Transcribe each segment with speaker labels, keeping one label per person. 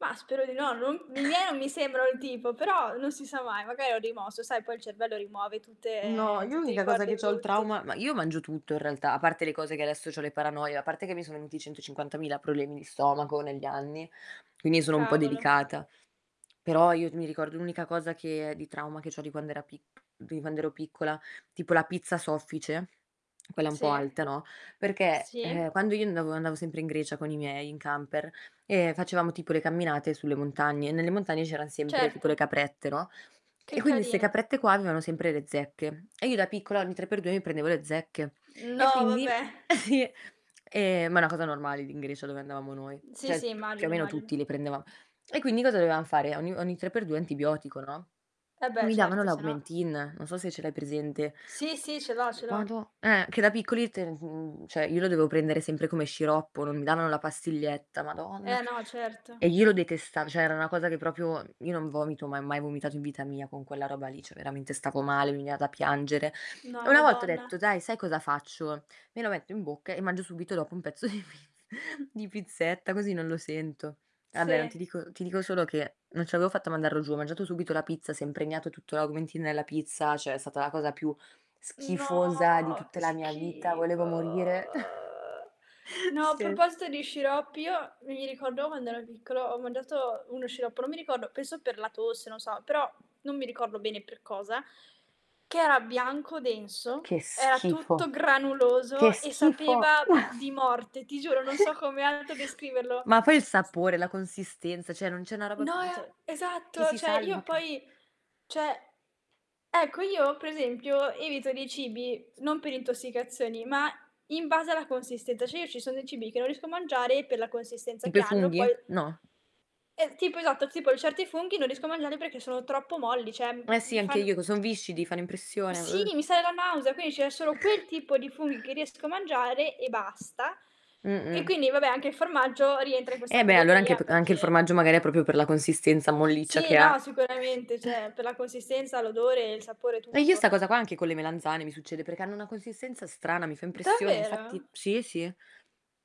Speaker 1: Mah, spero di no, non i miei non mi sembrano il tipo, però non si sa mai, magari ho rimosso, sai, poi il cervello rimuove
Speaker 2: No,
Speaker 1: tutte
Speaker 2: io
Speaker 1: tutti i
Speaker 2: l'unica cosa che
Speaker 1: ricordi
Speaker 2: c'ho il
Speaker 1: brutti.
Speaker 2: trauma ma io mangio tutto, in realtà, a parte le cose che adesso c'ho le paranoie, a parte che mi sono venuti 150.000 problemi di stomaco negli anni, quindi sono un po'
Speaker 1: Cavolo.
Speaker 2: delicata. Però io mi ricordo l'unica cosa che è di trauma che c'ho di quand'era pic di quand'ero piccola, tipo la pizza soffice, quella un po'
Speaker 1: Sì.
Speaker 2: alta, no, perché, ehm,
Speaker 1: Sì.
Speaker 2: quando io andavo andavo sempre in Grecia con i miei, in camper, e facevamo tipo le camminate sulle montagne, e nelle montagne c'eran sempre tipo
Speaker 1: Certo.
Speaker 2: le caprette, no,
Speaker 1: Che
Speaker 2: e quindi 'ste
Speaker 1: carine!
Speaker 2: caprette qua avevano sempre le zecche, e io da piccola ogni 3 per 2 mi prendevo le zecche, e
Speaker 1: No,
Speaker 2: quindi
Speaker 1: vabbè!
Speaker 2: sì! Ehm, ma è una cosa normale d in Grecia dove andavamo noi,
Speaker 1: Sì,
Speaker 2: cioè
Speaker 1: sì,
Speaker 2: più o
Speaker 1: immagino,
Speaker 2: meno
Speaker 1: immagino.
Speaker 2: tutti le prendevam e quindi cosa dovevam fare? Ogni, ogni tre per due antibiotico, no,
Speaker 1: Eh
Speaker 2: e
Speaker 1: beh,
Speaker 2: mi davano
Speaker 1: certo, sennò.
Speaker 2: l'Augmentin, non so se ce l'hai presente.
Speaker 1: Sì, sì, ce l'ho,
Speaker 2: Mhmm,
Speaker 1: ce l'ho.
Speaker 2: madò eh. Che da piccoli te n cioè io lo dovevo prendere sempre come sciroppo, non mi davano la pastiglietta, Madonna.
Speaker 1: Eh, no,
Speaker 2: E
Speaker 1: certo.
Speaker 2: io lo detestavo, cioè era una cosa che proprio io non vomito, ma mai vomitato in vita mia con quella roba lì, cioè veramente stavo male, mi veniva da piangere. E
Speaker 1: No,
Speaker 2: una volta ho detto:
Speaker 1: Madonna!
Speaker 2: "Dai, sai cosa faccio? Me lo metto in bocca e mangio subito dopo un pezzo di pizz di pizzetta, così non lo sento". Vabbè, non
Speaker 1: Sì.
Speaker 2: ti dico ti dico solo che non ce l'avevo fatta a mandarlo giù, ho mangiato subito la pizza, si è impregnato tutto l'Augmentin nella pizza, cioè è stata la cosa più schifosa di
Speaker 1: No,
Speaker 2: tutta
Speaker 1: che
Speaker 2: la mia vita,
Speaker 1: schifo!
Speaker 2: volevo morire.
Speaker 1: No, a
Speaker 2: Sì.
Speaker 1: proposito di sciroppi io mi ricordo quando ero piccolo ho mangiato uno sciroppo, non mi ricordo penso per la tosse, non so, però, non mi ricordo bene per cosa, che era bianco,
Speaker 2: Uh,
Speaker 1: denso,
Speaker 2: che
Speaker 1: era tutto
Speaker 2: schifo. Che
Speaker 1: granuloso e
Speaker 2: schifo!
Speaker 1: sapeva di morte. Ti giuro, non so come altro descriverlo.
Speaker 2: Ma poi il sapore, la consistenza, cioè non c'è una roba
Speaker 1: No
Speaker 2: n
Speaker 1: ia
Speaker 2: cioè che
Speaker 1: esatto,
Speaker 2: si
Speaker 1: cioè, io
Speaker 2: salva, ca
Speaker 1: poi, cioè ecco, io per esempio evito dei cibi s non per intossicazioni, ma in base alla consistenza. Cioè, io ci sono dei cibi che non riesco a mangiare, per la consistenza
Speaker 2: Tipo
Speaker 1: che
Speaker 2: i
Speaker 1: hanno,
Speaker 2: funghi?
Speaker 1: poi
Speaker 2: No.
Speaker 1: es tipo, esatto, tipo certi funghi non riesco a mangiarli perché sono troppo molli, cioè
Speaker 2: Eh
Speaker 1: m
Speaker 2: sì,
Speaker 1: mi
Speaker 2: anche
Speaker 1: fan
Speaker 2: io co son viscidi, fanno impressione.
Speaker 1: sì,
Speaker 2: Uh.
Speaker 1: mi sale la nausea, quindi c'è solo quel tipo di funghi che riesco a mangiare, e basta.
Speaker 2: Mh,
Speaker 1: E
Speaker 2: mh.
Speaker 1: quindi vabbè, anche il formaggio rientra in
Speaker 2: Eh,
Speaker 1: questa
Speaker 2: beh, allora anche
Speaker 1: categoria,
Speaker 2: p anche il
Speaker 1: perché
Speaker 2: formaggio magari è proprio per la consistenza molliccia
Speaker 1: Sì,
Speaker 2: che
Speaker 1: no,
Speaker 2: ha.
Speaker 1: sicuramente, cioè per la consistenza, l'odore, il sapore,
Speaker 2: Eh, io
Speaker 1: tutto.
Speaker 2: sta cosa qua anche con le melanzane mi succede, perché hanno una consistenza strana, mi fa impressione, infatti
Speaker 1: Davvero?
Speaker 2: sì, sì.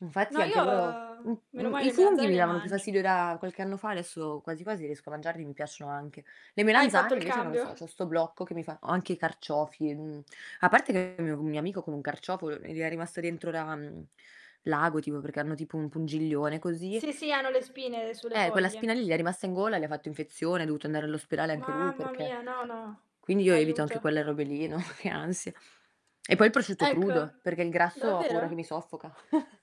Speaker 2: Infatti
Speaker 1: No,
Speaker 2: anche
Speaker 1: io
Speaker 2: loro m
Speaker 1: meno
Speaker 2: m
Speaker 1: male,
Speaker 2: i
Speaker 1: le
Speaker 2: funghi
Speaker 1: melanzane
Speaker 2: mi
Speaker 1: le
Speaker 2: davano più
Speaker 1: mangio.
Speaker 2: fastidio da qualche anno fa, adesso quasi quasi riesco a mangiarli, mi piacciono anche. Le
Speaker 1: Hai fatto
Speaker 2: melanzane
Speaker 1: il
Speaker 2: invece, non lo so, c'ho
Speaker 1: cambio.
Speaker 2: sto blocco che mi fa o anche i carciofi, mhmm, a parte che con un mio amico con un carciofo l gli era rimasto dentro la mhmm, l'ago, tipo perché hanno tipo un pungiglione, così
Speaker 1: Sì, sì, hanno le spine sulle
Speaker 2: Eh, quella spina
Speaker 1: foglie.
Speaker 2: lì gli è rimasta in gola, gli ha fatto infezione, è dovuto andare all'ospedale anche lui
Speaker 1: Mamma
Speaker 2: perché
Speaker 1: mia, no, no.
Speaker 2: quindi io evito anche
Speaker 1: Aiuto!
Speaker 2: quelle robe lì, no, che ansia! E poi il prosciutto
Speaker 1: Ecco.
Speaker 2: crudo, perché il grasso ho paura che mi
Speaker 1: Davvero?
Speaker 2: soffoca.